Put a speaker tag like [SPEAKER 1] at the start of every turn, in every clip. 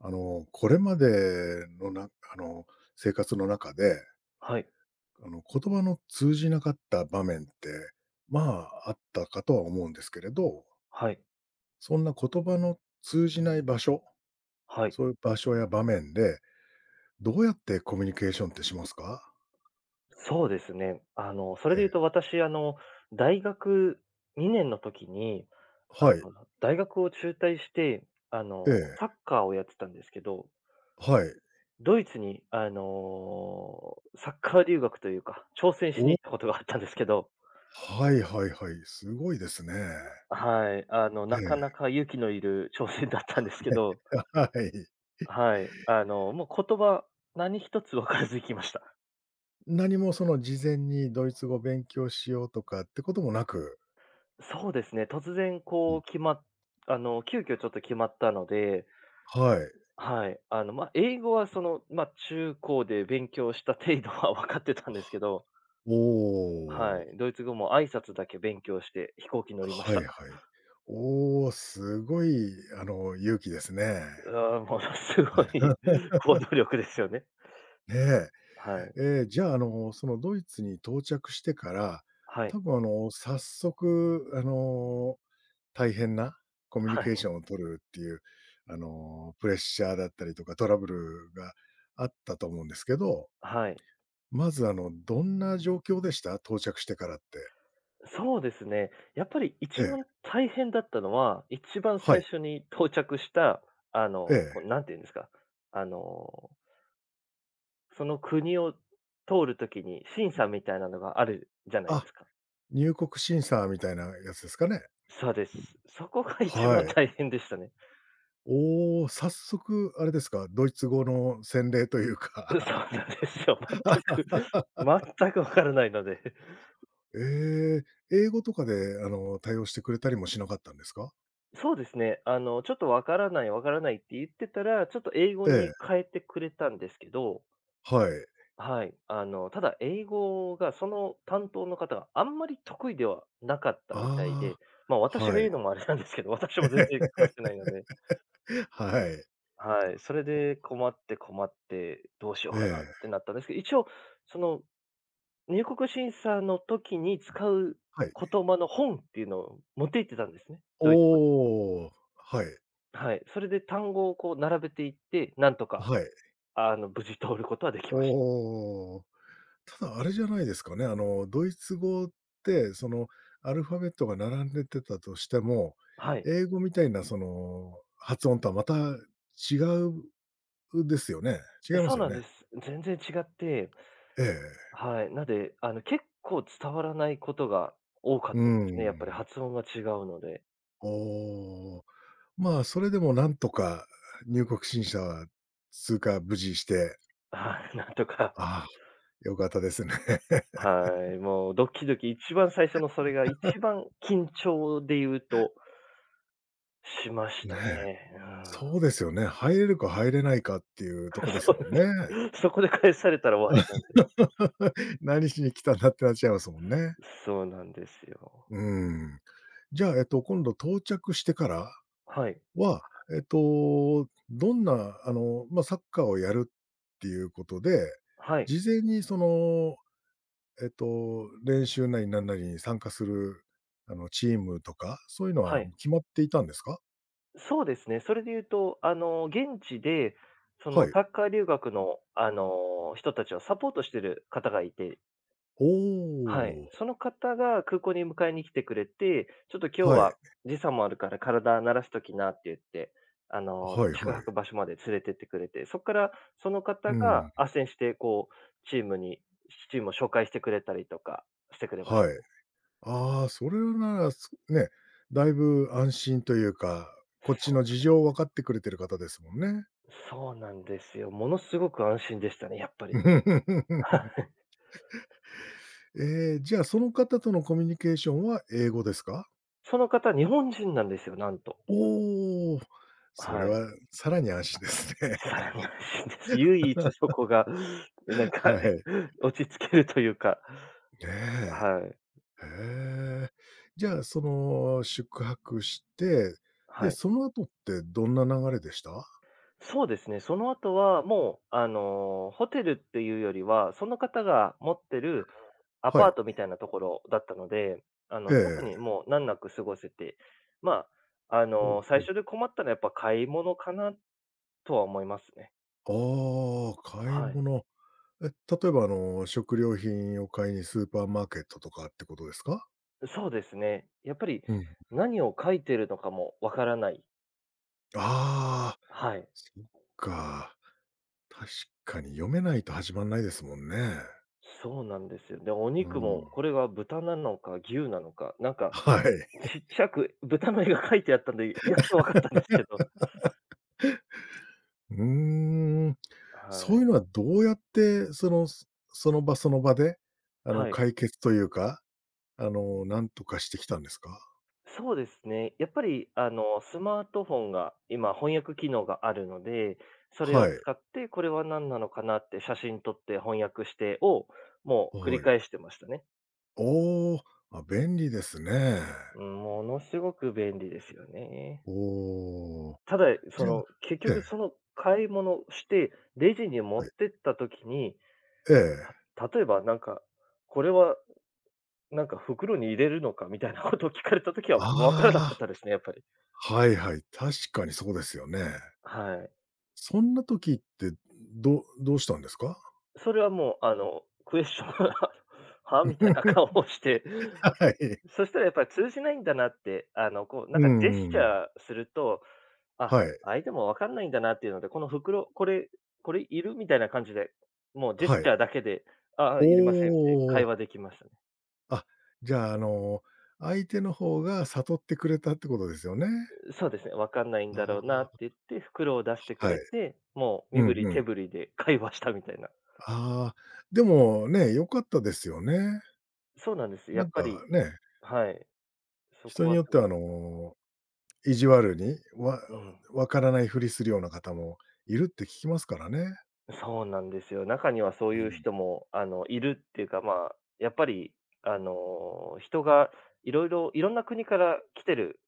[SPEAKER 1] あの、これまでの、なんか、あの、生活の中で
[SPEAKER 2] はい。
[SPEAKER 1] あの、言葉の通じなかった場面って、まあ、あったかとは思うんですけれど。
[SPEAKER 2] はい。
[SPEAKER 1] そんな言葉の通じない場所、
[SPEAKER 2] はい。
[SPEAKER 1] そういう場所や場面で、どうやってコミュニケーションってしますか？
[SPEAKER 2] そうですね。あの、それ
[SPEAKER 1] え
[SPEAKER 2] で言う
[SPEAKER 1] え。
[SPEAKER 2] と、私、あの、大学2年の時に、あ
[SPEAKER 1] はい。
[SPEAKER 2] の、大学を中退して、あ
[SPEAKER 1] え
[SPEAKER 2] の、サ
[SPEAKER 1] え。
[SPEAKER 2] ッカーをやってたんですけど。
[SPEAKER 1] はい。
[SPEAKER 2] ドイツに、あの、サッカー留学というか、挑戦しに
[SPEAKER 1] おお。
[SPEAKER 2] 行ったことがあったんですけど。
[SPEAKER 1] はいはいはい。凄いですね。
[SPEAKER 2] はい。あの、
[SPEAKER 1] え
[SPEAKER 2] なかな
[SPEAKER 1] え。
[SPEAKER 2] か勇気のいる挑戦だったんですけ
[SPEAKER 1] はい。
[SPEAKER 2] ど。
[SPEAKER 1] あ、はい。ひ
[SPEAKER 2] はい。あの、もう、言葉、何一つ分からず行きました。
[SPEAKER 1] 何もその、事前に、ドイツ語を勉強しようとかってこともなく。
[SPEAKER 2] そうですね、突然
[SPEAKER 1] う
[SPEAKER 2] こう
[SPEAKER 1] ん。
[SPEAKER 2] 決まっあの、急遽ちょっと決まったので。
[SPEAKER 1] はい。
[SPEAKER 2] はい。あの、まあ、英語は、その、ま、中高で勉強した程度は分かってた
[SPEAKER 1] は
[SPEAKER 2] んですけ
[SPEAKER 1] あ。
[SPEAKER 2] ど。
[SPEAKER 1] お
[SPEAKER 2] は
[SPEAKER 1] お。
[SPEAKER 2] い。ドイツ語も挨拶だけ勉強して、飛行機乗りまし
[SPEAKER 1] は
[SPEAKER 2] た。
[SPEAKER 1] いはい。おお、すごい、あの、勇気ですね。
[SPEAKER 2] うあ、ものすごい行動力で すよね。
[SPEAKER 1] え
[SPEAKER 2] はい。
[SPEAKER 1] え。ええ、じゃあ、あの、その、ドイツに到着してから、
[SPEAKER 2] はい。
[SPEAKER 1] 多分、あの、早速、あの、大変なコミュニ
[SPEAKER 2] は
[SPEAKER 1] ケーシ
[SPEAKER 2] い。
[SPEAKER 1] ョンを取るっていう、あの、プレッシャーだったりとか、トラブルがあったと思うんですけど。
[SPEAKER 2] はい。
[SPEAKER 1] まず、あの、どんな状況でした？到着してからって。
[SPEAKER 2] そうですね。やっぱり
[SPEAKER 1] え
[SPEAKER 2] 一
[SPEAKER 1] え。
[SPEAKER 2] 番大変だったのは、一番
[SPEAKER 1] は
[SPEAKER 2] 最
[SPEAKER 1] い。
[SPEAKER 2] 初に到着した、あ
[SPEAKER 1] へ
[SPEAKER 2] の、
[SPEAKER 1] え。
[SPEAKER 2] こう、何て言うんですか。あのその国を通る時に、審査みたいなのがあるじゃないで
[SPEAKER 1] あ、
[SPEAKER 2] すか。
[SPEAKER 1] 入国審査みたいなやつですかね。
[SPEAKER 2] そうです。そこが一
[SPEAKER 1] は
[SPEAKER 2] 番
[SPEAKER 1] い。
[SPEAKER 2] 大変でしたね。
[SPEAKER 1] おお、早速あれですか、ドイツ語の洗礼という
[SPEAKER 2] う、
[SPEAKER 1] か。
[SPEAKER 2] そうなんですよ。全く、全く分からないので。
[SPEAKER 1] ええ、英語とかで、あの、対応してくれたりもしなかったんですか？
[SPEAKER 2] そうですね、あの、ちょっと「分からない、分からない」って言ってたら、ちょっと英語
[SPEAKER 1] え
[SPEAKER 2] に
[SPEAKER 1] え。
[SPEAKER 2] 変えてくれたんですけど。
[SPEAKER 1] はい。
[SPEAKER 2] はい。あの、ただ、英語がその担当の方が、あんまり得意ではなかったみたいで。
[SPEAKER 1] あ
[SPEAKER 2] ま、
[SPEAKER 1] あ、
[SPEAKER 2] 私が
[SPEAKER 1] は
[SPEAKER 2] 言う
[SPEAKER 1] い。
[SPEAKER 2] のもあれなんですけど。私も全然話してないので。
[SPEAKER 1] はい。
[SPEAKER 2] はい。それ
[SPEAKER 1] お。
[SPEAKER 2] で困って困って、どうしよ
[SPEAKER 1] え
[SPEAKER 2] うかなって
[SPEAKER 1] え。
[SPEAKER 2] なったんですけど。一応その、入国審査の時に使う
[SPEAKER 1] はい。
[SPEAKER 2] 言葉の本っていうのを持って行ってたんですね。
[SPEAKER 1] おお
[SPEAKER 2] ド
[SPEAKER 1] お
[SPEAKER 2] イ
[SPEAKER 1] おお
[SPEAKER 2] ツ
[SPEAKER 1] お
[SPEAKER 2] 語で。
[SPEAKER 1] おお。はい。
[SPEAKER 2] はい。それで単語をこう、並べていって。なんとか、
[SPEAKER 1] はい。
[SPEAKER 2] あの、無事通ることはでき
[SPEAKER 1] おお
[SPEAKER 2] まし
[SPEAKER 1] おおおお。ただ、あれじゃないですかね。あの、ドイツ語って、その、アルファベットが並んでてたとしても、
[SPEAKER 2] はい。
[SPEAKER 1] 英語みたいな、その発音とはまた違う、うですよね。違いま
[SPEAKER 2] そ
[SPEAKER 1] す
[SPEAKER 2] う
[SPEAKER 1] よ
[SPEAKER 2] なん
[SPEAKER 1] ね。
[SPEAKER 2] です。全然違って
[SPEAKER 1] ええええ。
[SPEAKER 2] はい。なんで、あの、結構伝わらないことが多か っ
[SPEAKER 1] うー
[SPEAKER 2] たですね、やっぱり
[SPEAKER 1] ん。
[SPEAKER 2] 発音が違うので。
[SPEAKER 1] おお、まあ、それでもなんとか入国審査は通過、無事して
[SPEAKER 2] ああ、なんとか。
[SPEAKER 1] ああ、良かったですね。
[SPEAKER 2] は い、もうドキドキ、一番最初のそれが、一 番、緊張で言うとしました
[SPEAKER 1] ねえ。
[SPEAKER 2] ね、うん。
[SPEAKER 1] そうですよね。入れるか入れないかっていうとこです
[SPEAKER 2] そ
[SPEAKER 1] もんね。
[SPEAKER 2] うで、そこで返されたら終わりなんで。
[SPEAKER 1] 何しに来たんだってなっちゃいますもんね。
[SPEAKER 2] そうなんですよ。
[SPEAKER 1] うーん。じゃあ、えっと、今度、到着してから
[SPEAKER 2] はい。
[SPEAKER 1] は、えっと、どんな、あの、ま、サッカーをやるっていうことで、
[SPEAKER 2] はい。
[SPEAKER 1] 事前にその、えっと、練習なりなんなりに参加する、あの、チームとか、そういうの
[SPEAKER 2] は
[SPEAKER 1] は、も、
[SPEAKER 2] い。
[SPEAKER 1] 決まっていたんですか？
[SPEAKER 2] そうですね。それで言うと、あの、現地で、そ
[SPEAKER 1] は
[SPEAKER 2] の、
[SPEAKER 1] い。
[SPEAKER 2] サッカー留学の、あの、人たちをサポートしてる方がいて
[SPEAKER 1] ほ
[SPEAKER 2] はい。
[SPEAKER 1] お。
[SPEAKER 2] その方が空港に迎えに来てくれて「ちょっと今日
[SPEAKER 1] はい。
[SPEAKER 2] は、時差もあるから体慣らしときな」って言って、あの、
[SPEAKER 1] はいは
[SPEAKER 2] 宿
[SPEAKER 1] い。
[SPEAKER 2] 泊場所まで連れてってくれて、そっから、その方
[SPEAKER 1] う
[SPEAKER 2] が
[SPEAKER 1] ん。
[SPEAKER 2] 斡旋して、こうチームに、ちチームを紹介してくれたりとかしてくれまし
[SPEAKER 1] はい。
[SPEAKER 2] た。
[SPEAKER 1] ああ、それなら、すね、だいぶ安心というか、こっ
[SPEAKER 2] そ
[SPEAKER 1] ち
[SPEAKER 2] う
[SPEAKER 1] の
[SPEAKER 2] なん
[SPEAKER 1] 事
[SPEAKER 2] で
[SPEAKER 1] 情を分
[SPEAKER 2] す
[SPEAKER 1] か
[SPEAKER 2] よ。
[SPEAKER 1] ってくれてる方ですもんね。
[SPEAKER 2] そうなんですよ。ものすごく安心でしたね、やっぱり。は い。
[SPEAKER 1] ええ、じゃあ、その方とのコミュニケーションは英語ですか？
[SPEAKER 2] その方、日本人なんですよ、なんと。
[SPEAKER 1] おお。それ
[SPEAKER 2] はい。
[SPEAKER 1] は、更に安心です
[SPEAKER 2] 更に安
[SPEAKER 1] ね。
[SPEAKER 2] 心です。唯一そ こが、なんか、
[SPEAKER 1] はい。
[SPEAKER 2] 落ち着けるというか。
[SPEAKER 1] え
[SPEAKER 2] はい。
[SPEAKER 1] え。へえ。じゃあ、その、宿泊して、で、
[SPEAKER 2] はい。
[SPEAKER 1] その後ってどんな流れでした？
[SPEAKER 2] そうですね、その後は、もう、あの、ホテルっていうよりは、その方が持ってるア
[SPEAKER 1] は
[SPEAKER 2] パ
[SPEAKER 1] い。
[SPEAKER 2] ートみたいな所だったので、あ
[SPEAKER 1] え
[SPEAKER 2] の、特に、
[SPEAKER 1] え。
[SPEAKER 2] もう難なく過ごせて。まあ、あ
[SPEAKER 1] ほ
[SPEAKER 2] の、
[SPEAKER 1] う
[SPEAKER 2] 最
[SPEAKER 1] ほう。
[SPEAKER 2] 初で困ったのは、やっぱ買い物かな、とは思いますね。
[SPEAKER 1] ああ、買い
[SPEAKER 2] はい。
[SPEAKER 1] 物。え、例えば、あの、食料品を買いにスーパーマーケットとかってことですか？
[SPEAKER 2] そうですね。やっぱり、
[SPEAKER 1] うん。
[SPEAKER 2] 何を書いてるのかも分からない。
[SPEAKER 1] ああ、
[SPEAKER 2] はい。
[SPEAKER 1] そっか。確かに読めないと始まんないですもんね。
[SPEAKER 2] そうなんですよ。で、お
[SPEAKER 1] う
[SPEAKER 2] 肉
[SPEAKER 1] ー
[SPEAKER 2] も、
[SPEAKER 1] ん。
[SPEAKER 2] これは豚なのか牛なのか。なんか、
[SPEAKER 1] はい。
[SPEAKER 2] ちっち ゃく豚の絵が書いてあったんで、やっと分かったんですけど。
[SPEAKER 1] うーん。
[SPEAKER 2] は
[SPEAKER 1] そういう
[SPEAKER 2] い。
[SPEAKER 1] のはどうやって、その、その場その場で、あの、
[SPEAKER 2] はい。
[SPEAKER 1] 解決というか、あの、なんとかしてきたんですか？
[SPEAKER 2] そうですね。やっぱり、あの、スマートフォンが今、翻訳機能があるので、それを
[SPEAKER 1] はい。
[SPEAKER 2] 使って、これは何なのかなって写真撮って翻訳してを、もう、繰り
[SPEAKER 1] はい。
[SPEAKER 2] 返してましたね。
[SPEAKER 1] おお、あ、
[SPEAKER 2] うん。
[SPEAKER 1] 便利ですね。
[SPEAKER 2] うん、ものすごく便利ですよね。
[SPEAKER 1] おお、
[SPEAKER 2] ただ、いそ
[SPEAKER 1] じゃ
[SPEAKER 2] の、結
[SPEAKER 1] え
[SPEAKER 2] 局、
[SPEAKER 1] え。
[SPEAKER 2] その、買い物してレジに持
[SPEAKER 1] は
[SPEAKER 2] っ
[SPEAKER 1] い。
[SPEAKER 2] てった時に、
[SPEAKER 1] ええ。
[SPEAKER 2] た例えばなんか「これは、なんか袋に入れるのか？」みたいなことを聞かれた時は、分から
[SPEAKER 1] あ
[SPEAKER 2] なかったで
[SPEAKER 1] あ、
[SPEAKER 2] すね、やっぱり。
[SPEAKER 1] はいはい。確かにそうですよね。
[SPEAKER 2] はい。
[SPEAKER 1] そんな時って、どうどうしたんですか？
[SPEAKER 2] それはもう、あの、クエスチョン は？みたいな 顔をして、
[SPEAKER 1] はい。
[SPEAKER 2] そしたらやっぱり通じないんだなって、あの、こう、な
[SPEAKER 1] う
[SPEAKER 2] ん
[SPEAKER 1] ん
[SPEAKER 2] かジェ
[SPEAKER 1] う
[SPEAKER 2] ス
[SPEAKER 1] ん
[SPEAKER 2] チ
[SPEAKER 1] うん。
[SPEAKER 2] ャーすると、あ、
[SPEAKER 1] はい。
[SPEAKER 2] 相手も分かんないんだなっていうので「この袋、これ、これいる？」みたいな感じで、もうジェス
[SPEAKER 1] は
[SPEAKER 2] チ
[SPEAKER 1] い。
[SPEAKER 2] ャーだけで、「あ、あ、
[SPEAKER 1] お
[SPEAKER 2] いりません」って会
[SPEAKER 1] お。
[SPEAKER 2] 話できましたね。
[SPEAKER 1] あ、じゃ、あの、相手の方が悟ってくれたってことですよね。
[SPEAKER 2] う、そうですね、分かんないん
[SPEAKER 1] な
[SPEAKER 2] だろうなっ
[SPEAKER 1] あ。
[SPEAKER 2] てっいって、袋を出してく
[SPEAKER 1] は
[SPEAKER 2] れ
[SPEAKER 1] い。
[SPEAKER 2] て、もう
[SPEAKER 1] う
[SPEAKER 2] 身
[SPEAKER 1] ん
[SPEAKER 2] 振り
[SPEAKER 1] う
[SPEAKER 2] 手
[SPEAKER 1] ん。
[SPEAKER 2] 振りで会話したみたいな。
[SPEAKER 1] ああ、でも、ね、良かったですよね。
[SPEAKER 2] そうなんです、や
[SPEAKER 1] な
[SPEAKER 2] っ
[SPEAKER 1] ん
[SPEAKER 2] ぱ
[SPEAKER 1] か、
[SPEAKER 2] り、
[SPEAKER 1] ね
[SPEAKER 2] はい、そこ
[SPEAKER 1] 人に
[SPEAKER 2] は
[SPEAKER 1] よっ
[SPEAKER 2] す
[SPEAKER 1] ては、
[SPEAKER 2] ご
[SPEAKER 1] あの、意地悪に、わ、
[SPEAKER 2] うん。
[SPEAKER 1] をわからないふりするような方もいるって聞きますからね。
[SPEAKER 2] そうなんですよ。中にはそう
[SPEAKER 1] う
[SPEAKER 2] いう
[SPEAKER 1] ん。
[SPEAKER 2] 人も、あの、いるっていうか、まあ、やっぱり、あの、人が、色々、色んな国から来てる、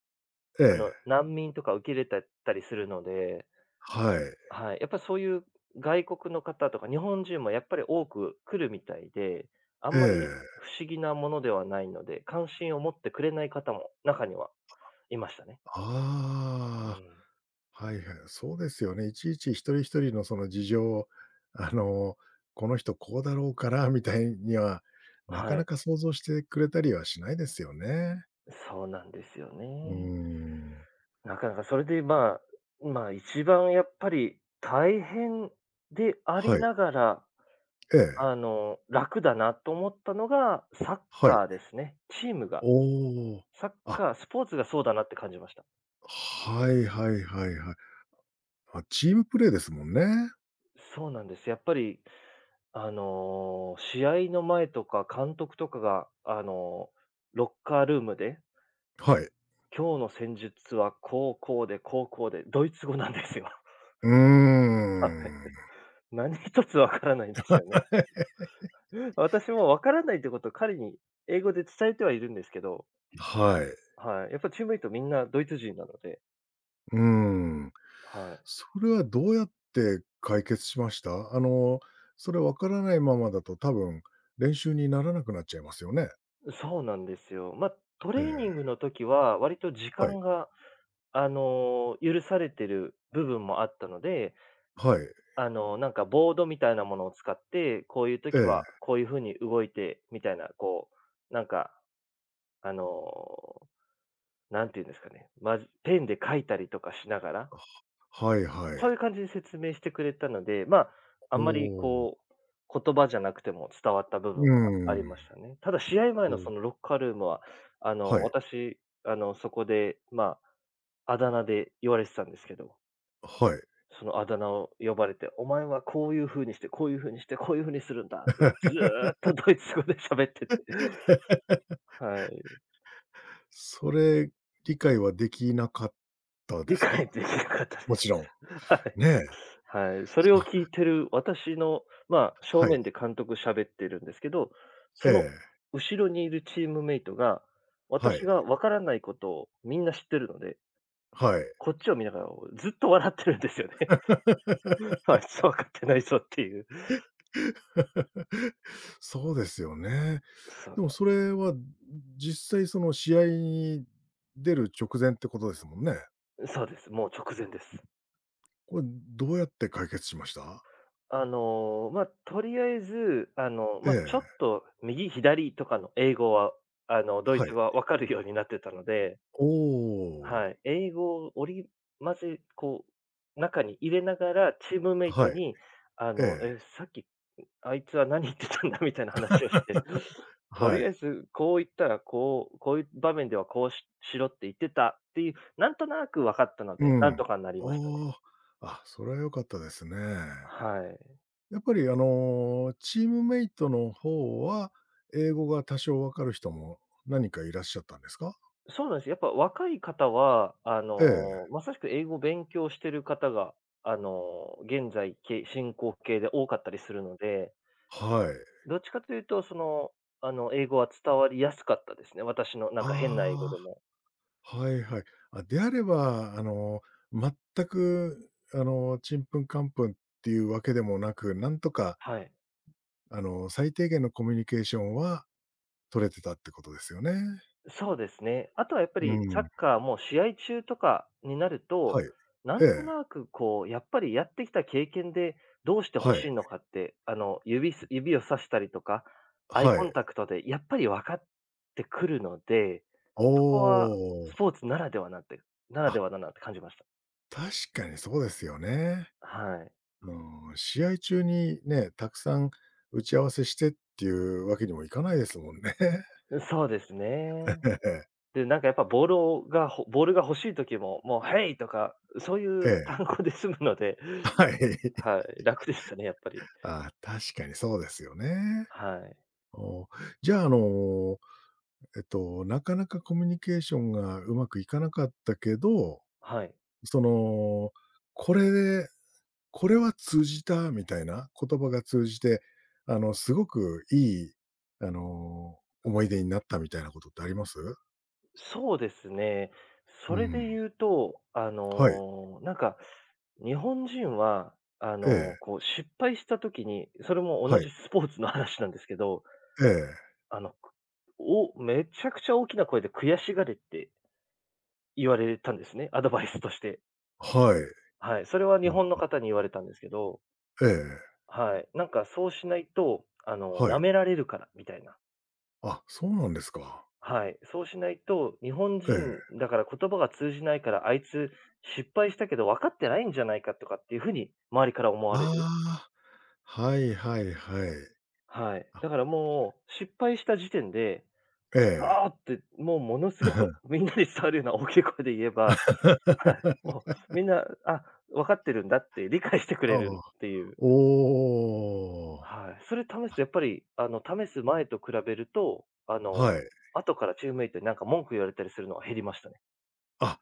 [SPEAKER 1] え
[SPEAKER 2] あの、
[SPEAKER 1] え。
[SPEAKER 2] 難民とか受け入れたたりするので
[SPEAKER 1] はい。
[SPEAKER 2] はい。やっぱ、そういう外国の方とか日本人もやっぱり多く来るみたいで、あ
[SPEAKER 1] え
[SPEAKER 2] んまり、
[SPEAKER 1] え。
[SPEAKER 2] 不思議なものではないので、関心を持ってくれない方も中にはいましたね。う
[SPEAKER 1] あ
[SPEAKER 2] ん。
[SPEAKER 1] あ、はいはい、あ、そうですよね。いちいち、一人一人のその事情、あの、この人こうだろうからみたいには、なか
[SPEAKER 2] は
[SPEAKER 1] な
[SPEAKER 2] い。
[SPEAKER 1] か想像してくれたりはしないですよね。
[SPEAKER 2] そうなんですよ
[SPEAKER 1] うー
[SPEAKER 2] ね。
[SPEAKER 1] ん。
[SPEAKER 2] なかなか、それで、まあ、まあ、一番やっぱり大変であ
[SPEAKER 1] は
[SPEAKER 2] り
[SPEAKER 1] い。
[SPEAKER 2] ながら、
[SPEAKER 1] ええ。
[SPEAKER 2] あの、楽だなと思ったのが、サッ
[SPEAKER 1] はい。
[SPEAKER 2] カーですね、チームが。
[SPEAKER 1] おお、
[SPEAKER 2] サッ
[SPEAKER 1] あ
[SPEAKER 2] カー、スポーツがそうだなって感じました。
[SPEAKER 1] はいはいはいはい。あ、チームプレイですもんね。
[SPEAKER 2] そうなんです。やっぱり、あの、試合の前とか、監督とかが、あの、ロッカールームで
[SPEAKER 1] はい。
[SPEAKER 2] 今日の戦術は、こう、こうで、こう、こうでドイツ語なんですよ。
[SPEAKER 1] うー
[SPEAKER 2] はい。
[SPEAKER 1] ん。
[SPEAKER 2] 何一つ分からないんですよね。私も、分からないってことを、彼に英語で伝えてはいるんですけど。
[SPEAKER 1] はい。
[SPEAKER 2] はい。やっぱチームメイトみんなドイツ人なので。
[SPEAKER 1] うーん、
[SPEAKER 2] はい。
[SPEAKER 1] それはどうやって解決しました？あの、それ、分からないままだと、多分、練習にならなくなっちゃいますよね？
[SPEAKER 2] そうなんですよ。まあ、ト
[SPEAKER 1] え
[SPEAKER 2] レーニ
[SPEAKER 1] え。
[SPEAKER 2] ングの時は、割と時
[SPEAKER 1] はい。
[SPEAKER 2] 間が、あの、許されてる部分もあったので
[SPEAKER 1] はい。
[SPEAKER 2] あの、なんかボードみたいなものを使って、こういう
[SPEAKER 1] え
[SPEAKER 2] 時は、
[SPEAKER 1] え。
[SPEAKER 2] こういう風に動いて、みたいな、こう、なんか、あの、何て言うんですかね、マジペンで書いたりとかしながら
[SPEAKER 1] あ、はいは
[SPEAKER 2] そう
[SPEAKER 1] い。
[SPEAKER 2] いう感じで説明してくれたので、まあ、あん
[SPEAKER 1] お
[SPEAKER 2] まり
[SPEAKER 1] お。
[SPEAKER 2] こう、言葉じゃなくても伝わった部
[SPEAKER 1] う
[SPEAKER 2] 分があり
[SPEAKER 1] ん。
[SPEAKER 2] ましたね。ただ、試合前の、そ
[SPEAKER 1] お。
[SPEAKER 2] のロッカールームは、あ
[SPEAKER 1] は
[SPEAKER 2] の、
[SPEAKER 1] い。
[SPEAKER 2] 私、あのそこで、まあ、あだ名で言われてたんですけど
[SPEAKER 1] あ、はい。
[SPEAKER 2] その、あだ名を呼ばれて、お前は、こういう風にして、こういう風にして、こういう風にするんだって、ずっと ドイツ語で喋ってて。はい。
[SPEAKER 1] それ、理解はできなかったで
[SPEAKER 2] 理
[SPEAKER 1] す
[SPEAKER 2] 解は、
[SPEAKER 1] か？
[SPEAKER 2] できなかったで
[SPEAKER 1] もち
[SPEAKER 2] す。
[SPEAKER 1] ろ
[SPEAKER 2] はい。
[SPEAKER 1] ん。ね。
[SPEAKER 2] はい。そ
[SPEAKER 1] す、
[SPEAKER 2] れを
[SPEAKER 1] あ。
[SPEAKER 2] 聞いてる私の、まあ、正
[SPEAKER 1] はい。
[SPEAKER 2] 面で監督喋ってるんですけど、
[SPEAKER 1] え
[SPEAKER 2] その
[SPEAKER 1] え。
[SPEAKER 2] 後ろにいるチームメイトが、
[SPEAKER 1] はい。
[SPEAKER 2] 私が分からないことをみんな知ってるので
[SPEAKER 1] はい。
[SPEAKER 2] こっちを見ながら、おう、ずっと笑ってるんですよね。あいつは、分かってないぞっていう。
[SPEAKER 1] そうですよね。
[SPEAKER 2] そう
[SPEAKER 1] でも、
[SPEAKER 2] なん
[SPEAKER 1] そ
[SPEAKER 2] です。
[SPEAKER 1] れは、ん、実際、その試合に出る直前ってことですもんね。
[SPEAKER 2] う、そうです。もう直前です。
[SPEAKER 1] これ、ん、どうやって解決しました？
[SPEAKER 2] あの、まあ、取り敢えず、あの、
[SPEAKER 1] え
[SPEAKER 2] ま、ちょっ
[SPEAKER 1] え。
[SPEAKER 2] と右、左とかの英語は、あの、ドイ
[SPEAKER 1] は
[SPEAKER 2] ツ
[SPEAKER 1] い。
[SPEAKER 2] 語は分かるようになってたので
[SPEAKER 1] おお。
[SPEAKER 2] はい。英語を織り混ぜ、こう、中に入れながらチームメイト
[SPEAKER 1] はい。
[SPEAKER 2] に、あ
[SPEAKER 1] え
[SPEAKER 2] の、
[SPEAKER 1] え。
[SPEAKER 2] え、さっき、ん、あいつは何言ってたんだみたいな話をして、取
[SPEAKER 1] は
[SPEAKER 2] り敢え
[SPEAKER 1] い。
[SPEAKER 2] ずこういったらこう、こういう場面では、こうししろって言ってたっていう、なんとなく分かったの
[SPEAKER 1] う
[SPEAKER 2] で、何と
[SPEAKER 1] ん。
[SPEAKER 2] かんなりましたね。
[SPEAKER 1] ああ、あ、それは良かったですね。
[SPEAKER 2] はい。
[SPEAKER 1] やっぱりあの、チームメイトの方は、英語が多少分かる人も、何人かいらっしゃったんですか？
[SPEAKER 2] そうなんすよ。やっぱ若い方は、あ
[SPEAKER 1] ええ。
[SPEAKER 2] の、まさしく英語を勉強してる方が、あの、現在け進行形で多かったりするので
[SPEAKER 1] はい。
[SPEAKER 2] どっちかというと、その、あの、英語は伝わりやすかったですね、私の、なんか、変な英語で
[SPEAKER 1] あ
[SPEAKER 2] も。
[SPEAKER 1] あ、はいはい。あ、であれば、あの、全く、あの、ちんぷんかんぷんっていうわけでもなく、なんとか
[SPEAKER 2] はい。
[SPEAKER 1] あの、最低限のコミュニケーションは取れてたってことですよね。
[SPEAKER 2] そうですね。あとは、やっぱ
[SPEAKER 1] う
[SPEAKER 2] りサッ
[SPEAKER 1] ん。
[SPEAKER 2] カーも試合中とかになると、
[SPEAKER 1] はい。
[SPEAKER 2] な
[SPEAKER 1] え
[SPEAKER 2] んと
[SPEAKER 1] え。
[SPEAKER 2] なく、こう、やっぱり、やってきた経験でどうして欲
[SPEAKER 1] はい。
[SPEAKER 2] しいの
[SPEAKER 1] え。
[SPEAKER 2] かって、あの、指す指を指したりとか、アイ
[SPEAKER 1] は
[SPEAKER 2] コ
[SPEAKER 1] い。
[SPEAKER 2] ンタクトで、やっぱり分かってくるので、そこは
[SPEAKER 1] お
[SPEAKER 2] ス
[SPEAKER 1] お。
[SPEAKER 2] ポーツならではなんてならで
[SPEAKER 1] あ。
[SPEAKER 2] はだなて感じました。
[SPEAKER 1] 確かに、そうですよね。
[SPEAKER 2] はい。
[SPEAKER 1] あの、試合中にね、たくさん打ち合わせしてっていうわけにもいかないですもんね。
[SPEAKER 2] う、そうです
[SPEAKER 1] え
[SPEAKER 2] ね。
[SPEAKER 1] ええ。
[SPEAKER 2] で、なんかやっぱボールをが、ほぼボールが欲しい時も、もう「ヘイ！」とか、そうい
[SPEAKER 1] え
[SPEAKER 2] う
[SPEAKER 1] え。
[SPEAKER 2] 単語で済むので、
[SPEAKER 1] はい。
[SPEAKER 2] はい、楽でしたね、やっぱり。
[SPEAKER 1] ああ、確かにそうですよね、
[SPEAKER 2] はい。
[SPEAKER 1] おお。じゃあ、あの、えっと、なかなかコミュニケーションがうまくいかなかったけど、
[SPEAKER 2] はい。
[SPEAKER 1] その、これでこれは通じたみたいな、言葉が通じて、あの、すごくいい、あの、思い出になったみたいなことってあります？
[SPEAKER 2] そうですね。そ
[SPEAKER 1] う
[SPEAKER 2] れで
[SPEAKER 1] ん。
[SPEAKER 2] 言うと、あ
[SPEAKER 1] はい。
[SPEAKER 2] の、なんか、日本人は、あ
[SPEAKER 1] え
[SPEAKER 2] の、
[SPEAKER 1] え。
[SPEAKER 2] こう、失敗した時に、それも同
[SPEAKER 1] はい。
[SPEAKER 2] じスポーツの話なんですけど
[SPEAKER 1] ええ。
[SPEAKER 2] あの、くおめちゃくちゃ大きな声で悔しがれって言われたんですね、アドバイスとして。
[SPEAKER 1] はい。
[SPEAKER 2] はい、それは日
[SPEAKER 1] お、う
[SPEAKER 2] 本の
[SPEAKER 1] ん。
[SPEAKER 2] かたに言われたんですけど
[SPEAKER 1] ええ。
[SPEAKER 2] はい。なんかそうしないと、あの、
[SPEAKER 1] は
[SPEAKER 2] 舐
[SPEAKER 1] い。
[SPEAKER 2] められるから、みたいな。
[SPEAKER 1] あ、そうなんですか。
[SPEAKER 2] はい。そうしないと、日本
[SPEAKER 1] へえ。
[SPEAKER 2] 人だから、言葉が通じないから、あいつ、失敗したけど分かってないんじゃないかとかっていう風に、周りから思われ
[SPEAKER 1] あ
[SPEAKER 2] る。
[SPEAKER 1] あ。はいはいはい。
[SPEAKER 2] はい。
[SPEAKER 1] あ。
[SPEAKER 2] だからもう、失敗した時点で、
[SPEAKER 1] え
[SPEAKER 2] 「く
[SPEAKER 1] え。
[SPEAKER 2] そ！」って、もうものすごく、みんなに伝わるような大きい声で言えばはい。もう、みんな、あ、分かってるんだって理解してく
[SPEAKER 1] あ
[SPEAKER 2] れ
[SPEAKER 1] あ。
[SPEAKER 2] るっていう。
[SPEAKER 1] おお。
[SPEAKER 2] はい。それ試す
[SPEAKER 1] あ
[SPEAKER 2] とやっぱり、あの試す前と比べると、あの、
[SPEAKER 1] はい。
[SPEAKER 2] 後からチームメイトになんか、文句言われたりするのは減りましたね。
[SPEAKER 1] あ。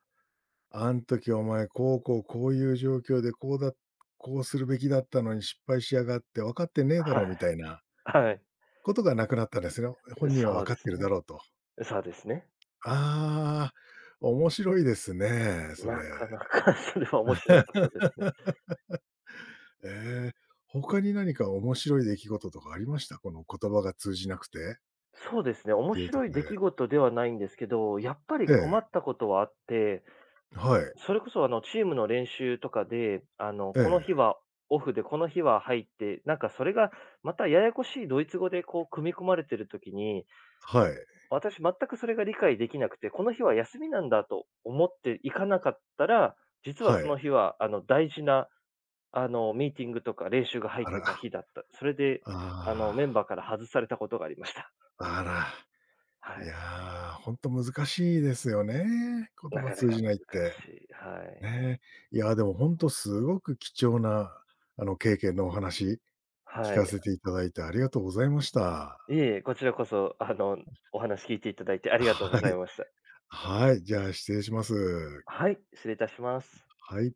[SPEAKER 1] 「あん時、お前、こうこう、こういう状況でこうだこうするべきだったのに失敗しやがって、分かってねえだろ」
[SPEAKER 2] は
[SPEAKER 1] み
[SPEAKER 2] い。
[SPEAKER 1] たいな
[SPEAKER 2] はい。
[SPEAKER 1] ことが無くなったですよ。本人は
[SPEAKER 2] そ
[SPEAKER 1] 分
[SPEAKER 2] う
[SPEAKER 1] か
[SPEAKER 2] で
[SPEAKER 1] っ
[SPEAKER 2] す
[SPEAKER 1] ているだ
[SPEAKER 2] ね。
[SPEAKER 1] ろうと。
[SPEAKER 2] そうですね。
[SPEAKER 1] ああ。面白いですね、それ。
[SPEAKER 2] なかなか、それは面白かったですね。
[SPEAKER 1] ええ、他に何か面白い出来事とかありました？この言葉が通じなくて
[SPEAKER 2] そうですね、
[SPEAKER 1] っ
[SPEAKER 2] 面
[SPEAKER 1] ていうと
[SPEAKER 2] 白い
[SPEAKER 1] こ
[SPEAKER 2] 出来
[SPEAKER 1] で。
[SPEAKER 2] 事ではないんですけど、やっぱり
[SPEAKER 1] え
[SPEAKER 2] 困
[SPEAKER 1] え。
[SPEAKER 2] ったことはあって。
[SPEAKER 1] はい。
[SPEAKER 2] それこそ、あの、チームの練習とかで、あの、
[SPEAKER 1] え
[SPEAKER 2] この日
[SPEAKER 1] え。
[SPEAKER 2] はオフでこの日は入って、なんかそれが、またややこしいドイツ語でこう組み込まれてる時に
[SPEAKER 1] はい。
[SPEAKER 2] 私、全くそれが理解できなくて、この日は休みなんだと思って行かなかったら、実は
[SPEAKER 1] は
[SPEAKER 2] その
[SPEAKER 1] い。
[SPEAKER 2] 日は、あの、大事な、あの、ミーティングとか練習が入
[SPEAKER 1] あ
[SPEAKER 2] って
[SPEAKER 1] ら。
[SPEAKER 2] た日だった。それで、
[SPEAKER 1] あ
[SPEAKER 2] あの、メン
[SPEAKER 1] あ。
[SPEAKER 2] バーから外されたことがありました。
[SPEAKER 1] あら。
[SPEAKER 2] は
[SPEAKER 1] い
[SPEAKER 2] い。
[SPEAKER 1] や、ほんと難しいですよね、言
[SPEAKER 2] な
[SPEAKER 1] 葉
[SPEAKER 2] かな
[SPEAKER 1] 通
[SPEAKER 2] か
[SPEAKER 1] じないっ
[SPEAKER 2] 難
[SPEAKER 1] て。
[SPEAKER 2] しい。はい。
[SPEAKER 1] ね。いやでも、ほんとすごく貴重な、あの、経験のお話、聞
[SPEAKER 2] は
[SPEAKER 1] か
[SPEAKER 2] い。
[SPEAKER 1] せていただいてありがとうございました。
[SPEAKER 2] いえいえ、こちらこそ、あの、お話聞いていただいてありがとうご
[SPEAKER 1] はい。
[SPEAKER 2] ざいました。
[SPEAKER 1] はい、じゃあ、失礼します。
[SPEAKER 2] はい、失礼いたします。
[SPEAKER 1] はい。